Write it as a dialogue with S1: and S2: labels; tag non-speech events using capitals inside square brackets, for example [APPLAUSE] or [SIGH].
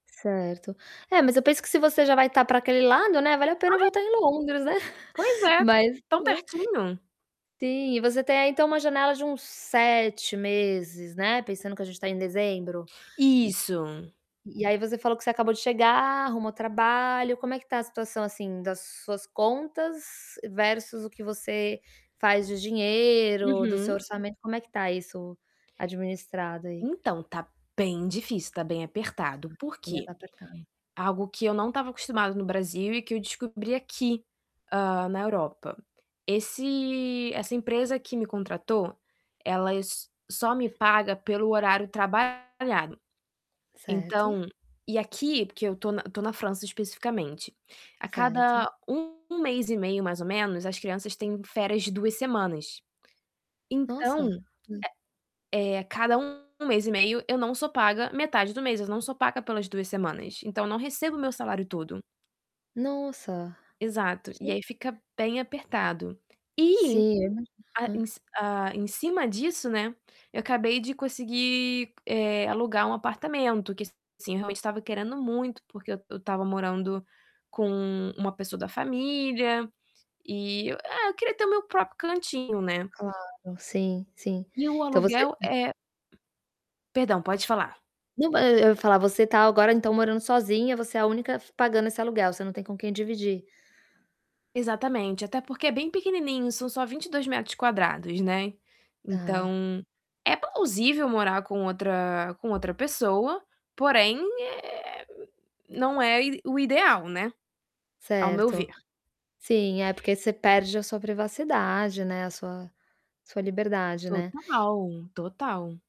S1: Certo. É, mas eu penso que se você já vai tá pra aquele lado, né, vale a pena
S2: Ai.
S1: voltar em Londres, né.
S2: Pois
S1: [CHUCKLES]
S2: é,
S1: Mas
S2: tão
S1: né.
S2: pertinho.
S1: Sim. E você tem aí então uma janela de uns 7 meses, né, pensando que a gente tá em dezembro. E
S2: Isso.
S1: e aí você falou que você acabou de chegar, arrumou trabalho. Como é que tá a situação, assim, das suas contas versus o que você faz de dinheiro, do seu
S2: Uhum.
S1: orçamento, como é que tá isso administrado aí?
S2: Então, tá bem difícil, tá bem apertado. Por
S1: Ainda
S2: quê?
S1: tá apertado.
S2: Algo que eu não estava acostumada no Brasil e que eu descobri aqui, hã, na Europa. Esse essa empresa que me contratou, ela s só me paga pelo horário trabalhado.
S1: Certo.
S2: Então e aqui, porque eu tô na tô na França especificamente, a cada
S1: Certo.
S2: 1 mês e meio, mais ou menos, as crianças têm férias de 2 semanas. Então,
S1: Nossa!
S2: eh eh, a cada 1 mês e meio, eu não sou paga metade do mês, eu não sou paga pelas 2 semanas, então eu não recebo o meu salário todo.
S1: Nossa!
S2: Exato. E
S1: Gen
S2: aí fica bem apertado. E
S1: Sim,
S2: a
S1: é. Aham.
S2: em c hã, em cima disso, né, eu acabei de conseguir, eh, alugar um apartamento, que assim, eu realmente estava querendo muito, porque eu eu estava morando com uma pessoa da família e é, eu queria ter o meu próprio cantinho, né.
S1: Claro, sim, sim.
S2: E o
S1: Então você
S2: aluguel
S1: hã.
S2: é Perdão, pode
S1: Poxa.
S2: falar.
S1: Não, ma e eu ia falar, você tá agora então morando sozinha. Você é a única f pagando esse aluguel. Você não tem com quem dividir?
S2: Exatamente. Até porque é bem pequenininho, são só 22m², né.
S1: Tá.
S2: Então é plausível morar com outra com outra pessoa, porém, eh, não é o i o ideal, né, ao meu
S1: Certo.
S2: ver.
S1: Sim, é, porque você perde a sua privacidade, né, a sua sua liberdade, né.
S2: Total, total.